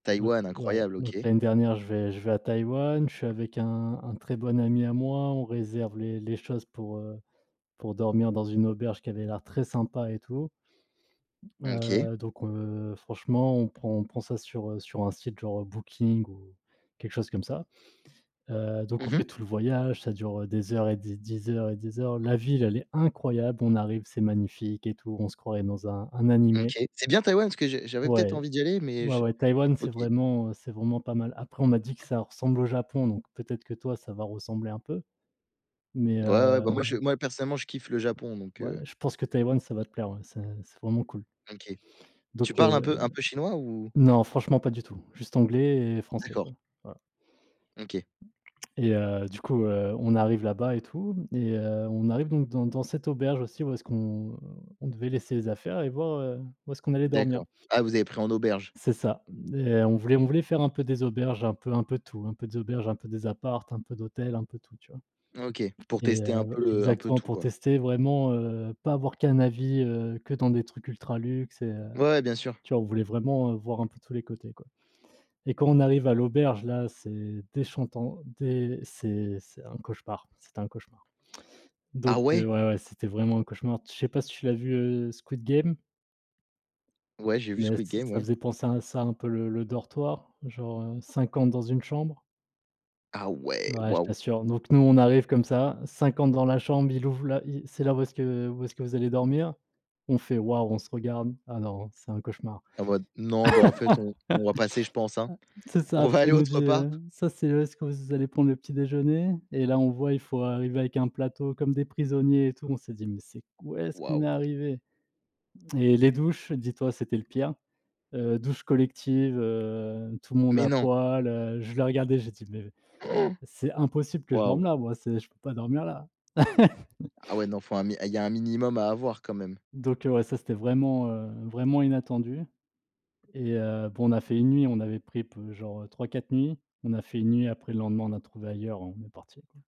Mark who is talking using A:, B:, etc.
A: Donc
B: Taïwan,
A: ouais,
B: Incroyable,
A: donc
B: OK.
A: l'année dernière je vais je vais à Taïwan, je suis avec un un très bon ami à moi, on réserve les les choses pour, heu, pour dormir dans une auberge qui avait l'air très sympa et tout.
B: OK.
A: Heu, donc on, franchement, on prend on prend ça sur, heu, sur un site genre Booking ou quelque chose comme ça. Heu, donc on
B: Mmh mh.
A: fait tout le voyage, ça dure des heures et des des heures et des heures. La ville elle est incroyable, on arrive, c'est magnifique et tout, on se croirait dans un un animé.
B: OK, c'est bien Taïwan parce que je j'avais peut-être
A: Ouais.
B: envie d'y aller mais
A: Ouais,
B: je
A: ouais Taïwan c'est
B: OK.
A: vraiment, heu, c'est vraiment pas mal. Après on m'a dit que ça ressemble au Japon, donc peut-être que toi ça va ressembler un peu, mais
B: Ouais,
A: heu
B: ouais bah moi je moi personnellement je kiffe le Japon donc
A: ouais
B: heu
A: je pense que Taïwan ça va te plaire ouais, c'est c'est vraiment cool.
B: OK, tu
A: Donc,
B: parles un
A: heu,
B: peu un peu chinois ou?
A: non franchement pas du tout, juste anglais et et français
B: D'accord.
A: quoi. Ouais, ouais
B: OK.
A: et heu, du coup, heu, on arrive là-bas et tout et heu, on arrive donc dans dans cette auberge aussi où est-ce qu'on on devait laisser les affaires et voir, heu, où est-ce qu'on allait dormir.
B: D'accord. Ah vous avez pris en auberge.
A: C'est ça et heu, on voulait on voulait faire un peu des auberges, un peu un peu tout, un peu d'auberge, un peu des apparts, un peu d'hôtel, un peu tout, tu vois?
B: OK, pour
A: Et
B: tester un peu
A: heu,
B: le un peu
A: exactement
B: tout
A: pour
B: quoi.
A: tester vraiment, heu, pas avoir qu'un avis, heu, que dans des trucs ultra luxe, heu, et
B: Ouais bien sûr.
A: tu vois on voulait vraiment, heu, voir un peu tous les côtés quoi et quand on arrive à l'auberge là c'est déchantant, des c'est c'est un cauchemar, c'est un cauchemar.
B: Ah
A: Donc
B: ouais.
A: heu, ouais, ouais c'était vraiment un cauchemar. Je sais pas si tu l'as vu, heu, Squid Game?
B: Ouais j'ai vu ce
A: Mais ç
B: Squid game,
A: ça
B: ouais.
A: faisait penser à ça un peu le le dortoir, genre, heu, 50 dans une chambre.
B: Ah ouais!
A: Ouais je
B: Wow!
A: t'assure, donc nous, on arrive comme ça, 50 dans la chambre, il ouvre la, il «C'est là où est-ce que où est-ce que vous allez dormir». On fait: «Waouh». On se regarde, ah non c'est un cauchemar.
B: En mode: «Non, bah en fait on on va passer, je pense hein.
A: C'est ça
B: On
A: après
B: va aller
A: il nous
B: autre
A: dit,
B: part».
A: heu: «Ça c'est où est-ce que vous allez prendre le petit déjeuner» et là on voit il faut arriver avec un plateau comme des prisonniers et tout, on s'est dit: «Mais c'est quoi? Où est-ce qu'on
B: Wow!
A: est arrivés?» et les douches, dis-toi c'était le pire, heu, douche collective, heu, tout le monde
B: Mais
A: à
B: non!
A: poil, heu, je l'ai regardé, j'ai dit: «Mais,
B: Han!
A: c'est impossible que je
B: Wow!
A: dorme là moi, c'est je peux pas dormir là».
B: Ah ouais, non faut un min il y a un minimum à avoir quand même.
A: Donc heu, ouais ça c'était vraiment, heu, vraiment inattendu et heu, bon on a fait 1 nuit, on avait pris genre, heu, 3-4 nuits, on a fait 1 nuit après le lendemain on a trouvé ailleurs, on est parti, quoi.